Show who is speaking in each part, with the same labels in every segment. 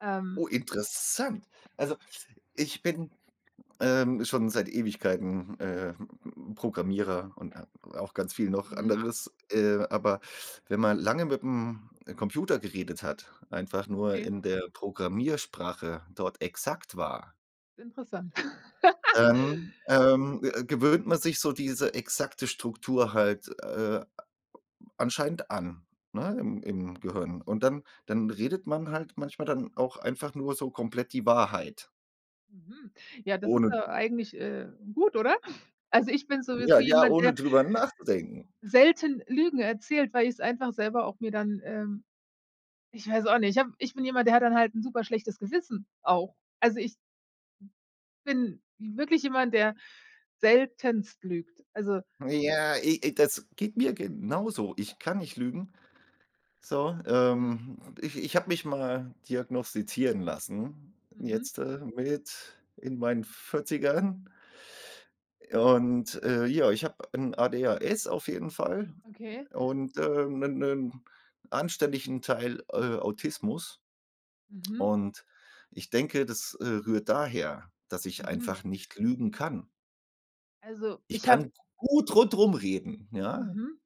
Speaker 1: Ähm.
Speaker 2: Oh, interessant. Also, ich bin, ähm, schon seit Ewigkeiten, äh, P Programmierer und a auch ganz viel noch
Speaker 1: Mhm.
Speaker 2: anderes. Äh, aber wenn man lange mit'm, äh, Computer geredet hat, einfach nur
Speaker 1: Okay.
Speaker 2: in der Programmiersprache dort exakt war
Speaker 1: Interessant.
Speaker 2: dann, ähm, g gewöhnt man sich so diese exakte Struktur halt, äh, a a anscheinend an, ne, im im Gehirn. Und dann dann redet man halt manchmal dann auch einfach nur so komplett die Wahrheit.
Speaker 1: Mhm. Ja, das ist,
Speaker 2: Ohne
Speaker 1: äh, eigentlich, äh, gut, oder? Also, ich bin sowieso
Speaker 2: ja, ja,
Speaker 1: jemand,
Speaker 2: ohne
Speaker 1: der
Speaker 2: drüber nachzudenken.
Speaker 1: selten Lügen erzählt, weil ich's einfach selber auch mir dann ähm, ich weiß auch nicht. Ich habe ich bin jemand, der hat dann halt 'n super schlechtes Gewissen auch. Also, ich bin wirklich jemand, der seltenst lügt. Also
Speaker 2: Ja, i i das geht mir genauso. Ich kann nicht lügen. So,
Speaker 1: Mhm.
Speaker 2: ähm, ich ich habe mich mal diagnostizieren lassen
Speaker 1: Mhm.
Speaker 2: jetzt, äh, mit in meinen 40ern. Und, äh, ja, ich habe ein ADHS auf jeden Fall
Speaker 1: Okay.
Speaker 2: und, äh, 'nen 'nen anständigen Teil, äh, Autismus.
Speaker 1: Mhm.
Speaker 2: Und ich denke, das, äh, rührt daher, dass ich
Speaker 1: Mhm.
Speaker 2: einfach nicht lügen kann.
Speaker 1: Also,
Speaker 2: Ich
Speaker 1: ich habe
Speaker 2: kann gut rundrum reden, ja.
Speaker 1: Mhm.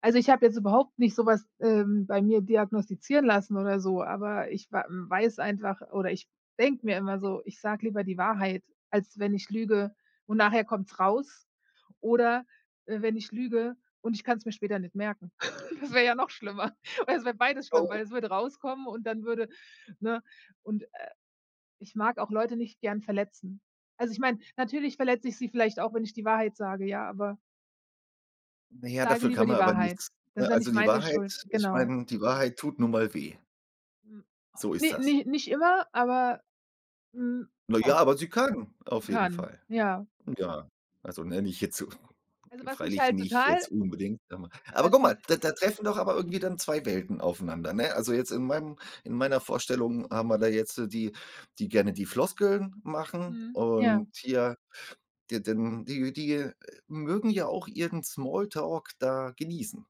Speaker 1: Also, ich habe jetzt überhaupt nicht so was, ähm, bei mir diagnostizieren lassen oder so, aber ich wa weiß einfach oder ich denke mir immer so, ich sage lieber die Wahrheit, als wenn ich lüge und nachher kommt's raus. Oder, äh, wenn ich lüge und ich kann's mir später nicht merken. Das wäre ja noch schlimmer. Oder es wäre beides schlimm, weil
Speaker 2: Oh.
Speaker 1: es würde rauskommen und dann würde ne? Und, äh, ich mag auch Leute nicht gern verletzen. Also, ich meine, natürlich verletze ich sie vielleicht auch, wenn ich die Wahrheit sage, ja, aber ich
Speaker 2: Naja,
Speaker 1: sage
Speaker 2: dafür
Speaker 1: lieber
Speaker 2: kann man
Speaker 1: die
Speaker 2: aber
Speaker 1: Wahrheit.
Speaker 2: nichts,
Speaker 1: Das ist
Speaker 2: ne?
Speaker 1: ja
Speaker 2: Also,
Speaker 1: nicht
Speaker 2: die
Speaker 1: meine Schuld.
Speaker 2: Wahrheit ich
Speaker 1: Genau.
Speaker 2: meine, die Wahrheit tut nun mal weh.
Speaker 1: Mhm.
Speaker 2: So ist
Speaker 1: Ne,
Speaker 2: das.
Speaker 1: ni nicht immer, aber, hm,
Speaker 2: Na ja,
Speaker 1: oft.
Speaker 2: aber sie können auf jeden
Speaker 1: Kann,
Speaker 2: Fall.
Speaker 1: ja.
Speaker 2: Ja, also, ne, nicht jetzt so
Speaker 1: Also was mich
Speaker 2: Freilich
Speaker 1: halt
Speaker 2: nicht
Speaker 1: total
Speaker 2: jetzt unbedingt. [unintelligible] Aber
Speaker 1: was
Speaker 2: guck
Speaker 1: mich
Speaker 2: mal, da da treffen doch aber irgendwie dann 2 Welten aufeinander, ne? Also, jetzt in meinem in meiner Vorstellung haben wir da jetzt die, die gerne die Floskeln machen
Speaker 1: Mhm, ja.
Speaker 2: und hier d denn die die mögen ja auch ihren Small Talk da genießen.